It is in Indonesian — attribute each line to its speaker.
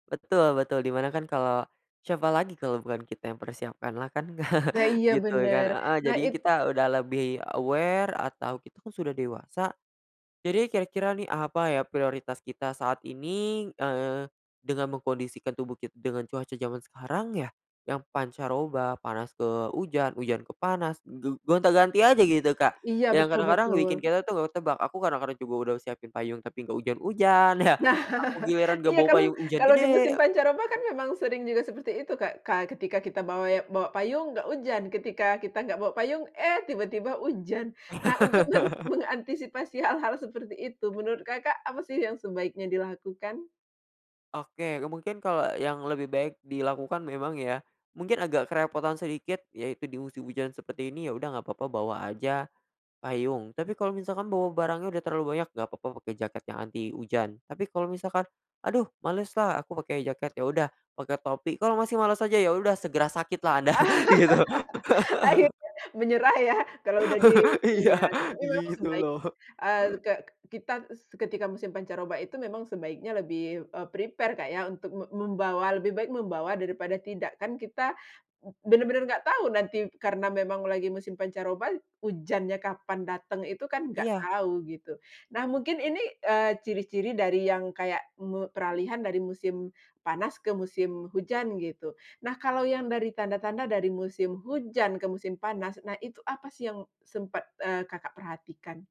Speaker 1: Betul betul. Di mana kan kalau siapa lagi kalau bukan kita yang persiapan lah kan?
Speaker 2: Nah iya,
Speaker 1: Gitu kan?
Speaker 2: bener.
Speaker 1: Heeh.
Speaker 2: Nah,
Speaker 1: Jadi,
Speaker 2: it
Speaker 1: kita udah lebih aware atau kita kan sudah dewasa, jadi kira-kira nih, apa ya prioritas kita saat ini, eee, dengan mengkondisikan tubuh kit dengan cuaca zaman sekarang ya? Yang pancaroba, panas ke ujan, ujan ke panas, ge gonta-ganti aja gitu, Kak.
Speaker 2: Iya,
Speaker 1: Yang
Speaker 2: betul
Speaker 1: kadang-kadang bikin
Speaker 2: betul.
Speaker 1: kita tuh gak ketebak. Aku kadang-kadang juga udah siapin payung tapi gak ujan-ujan ya,
Speaker 2: Nah.
Speaker 1: aku giliran gak
Speaker 2: Iya,
Speaker 1: bawa
Speaker 2: kalau
Speaker 1: payung, ujan
Speaker 2: kalau di musim
Speaker 1: gede.
Speaker 2: pancaroba kan memang sering juga seperti itu, Kak. Ketika kita bawa ya bawa payung, nggak hujan, ketika kita nggak bawa payung, eh tiba-tiba hujan. Nah, untuk meng mengantisipasi hal-hal seperti itu, menurut Kakak, apa sih yang sebaiknya dilakukan?
Speaker 1: Oke, mungkin kalau yang lebih baik dilakukan memang ya, mungkin agak kerepotan sedikit, yaitu di musim hujan seperti ini, ya udah gak papa bawa aja payung. Tapi kalau misalkan bawa barangnya udah terlalu banyak, gak papa pake jaket yang anti hujan, tapi kalau misalkan aduh males lah aku pake jaket, ya udah pake topi. Kalo masih males aja, ya udah segera sakit lah Anda, gitu.
Speaker 2: Akhirnya, menyerah ya, kalau udah di ini
Speaker 1: Iya.
Speaker 2: ya, tapi memang
Speaker 1: Gitu
Speaker 2: sebaik
Speaker 1: loh.
Speaker 2: eee, ke kita ketika musim pancaroba itu memang sebaiknya lebih, eee, prepare untuk mem membawa lebih baik membawa daripada tidak kan. Kita benar-benar nggak tahu nanti karena memang lagi musim pancaroba, hujannya kapan dateng itu kan nggak
Speaker 1: Iya.
Speaker 2: tahu gitu. Nah mungkin ini, eee, ciri-ciri dari yang kayak me peralihan dari musim panas ke musim hujan gitu, nah kalau yang dari tanda-tanda dari musim hujan ke musim panas, nah itu apa sih yang sempat, eee, Kakak perhatikan?